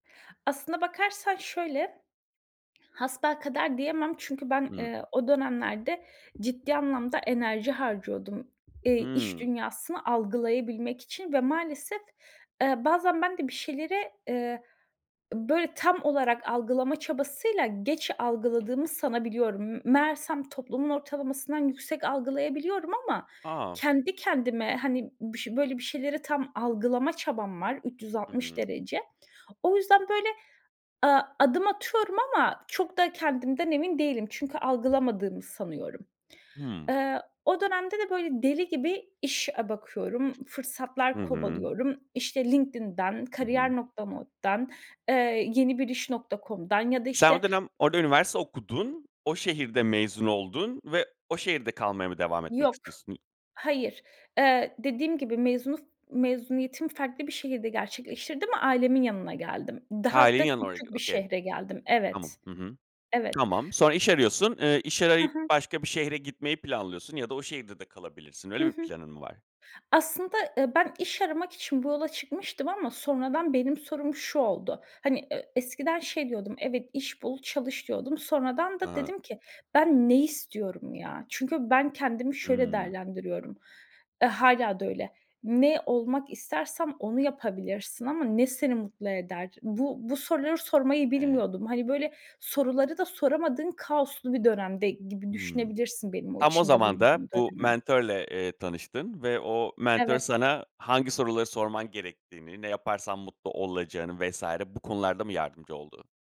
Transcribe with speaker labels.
Speaker 1: Aslında bakarsan şöyle, hasbelkader diyemem çünkü ben,
Speaker 2: Hı.
Speaker 1: eee, o dönemlerde ciddi anlamda enerji harcıyordum, eee, iş
Speaker 2: Hımm.
Speaker 1: dünyasını algılayabilmek için ve maalesef, eee, bazen ben de bir şeyleri, eee, böyle tam olarak algılama çabasıyla geç algıladığımı sanabiliyorum. M meğersem toplumun ortalamasından yüksek algılayabiliyorum ama
Speaker 2: A!
Speaker 1: kendi kendime, hani, bış böyle bir şeyleri tam algılama çabam var üç yüz
Speaker 2: Hı
Speaker 1: altmış
Speaker 2: hı.
Speaker 1: derece. O yüzden böyle, a adım atıyorum ama çok da kendimden emin değilim çünkü algılamadığımı sanıyorum.
Speaker 2: Hımm.
Speaker 1: Eee, o dönemde de böyle deli gibi iş a bakıyorum,
Speaker 2: Hı
Speaker 1: fırsatlar
Speaker 2: hı.
Speaker 1: kovalıyorum. İşte LinkedIn'den,
Speaker 2: Hı hı.
Speaker 1: kariyer.org'dan, eee, yenibiris.com'dan ya da
Speaker 2: Sen
Speaker 1: işte
Speaker 2: o dönem orada üniversite okudun, o şehirde mezun oldun ve o şehirde kalmaya mı devam etmek
Speaker 1: Yok,
Speaker 2: istiyorsun?
Speaker 1: hayır. Eee, dediğim gibi, mezunu mezuniyetimi farklı bir şehirde gerçekleştirdim, ailemin yanına geldim. Daha
Speaker 2: Ha,
Speaker 1: hatta
Speaker 2: [unintelligible]
Speaker 1: küçük bir
Speaker 2: okay
Speaker 1: şehre geldim.
Speaker 2: Tamam.
Speaker 1: Evet.
Speaker 2: Hı hı.
Speaker 1: Evet.
Speaker 2: Tamam. Sonra iş arıyorsun. Eee, iş
Speaker 1: Hı
Speaker 2: arayıp
Speaker 1: hı.
Speaker 2: başka bir şehre gitmeyi planlıyorsun ya da o şehirde de kalabilirsin.
Speaker 1: Hı
Speaker 2: Öyle bir
Speaker 1: hı.
Speaker 2: planın mı var?
Speaker 1: Aslında, eee, ben iş aramak için bu yola çıkmıştım ama sonradan benim sorum şu oldu. Hani, eee, eskiden şey diyordum, "Evet, iş bul çalış." diyordum. Sonradan da
Speaker 2: A.
Speaker 1: dedim ki: "Ben ne istiyorum ya?" Çünkü ben kendimi şöyle
Speaker 2: Hımm.
Speaker 1: değerlendiriyorum. Eee, hâlâ da öyle. Ne olmak istersen onu yapabilirsin ama ne seni mutlu eder? Bu bu soruları sormayı
Speaker 2: E
Speaker 1: bilmiyordum. Hani, böyle, soruları da soramadığın kaoslu bir dönemde gibi
Speaker 2: Hımm.
Speaker 1: düşünebilirsin benim o
Speaker 2: Tam o
Speaker 1: içinde
Speaker 2: zaman da
Speaker 1: bulunduğum
Speaker 2: bu
Speaker 1: dönemi.
Speaker 2: mentörle, eee, tanıştın ve o mentör
Speaker 1: Evet.
Speaker 2: sana hangi soruları sorman gerektiğini, ne yaparsan mutlu olacağını vs. bu konularda mı yardımcı oldu?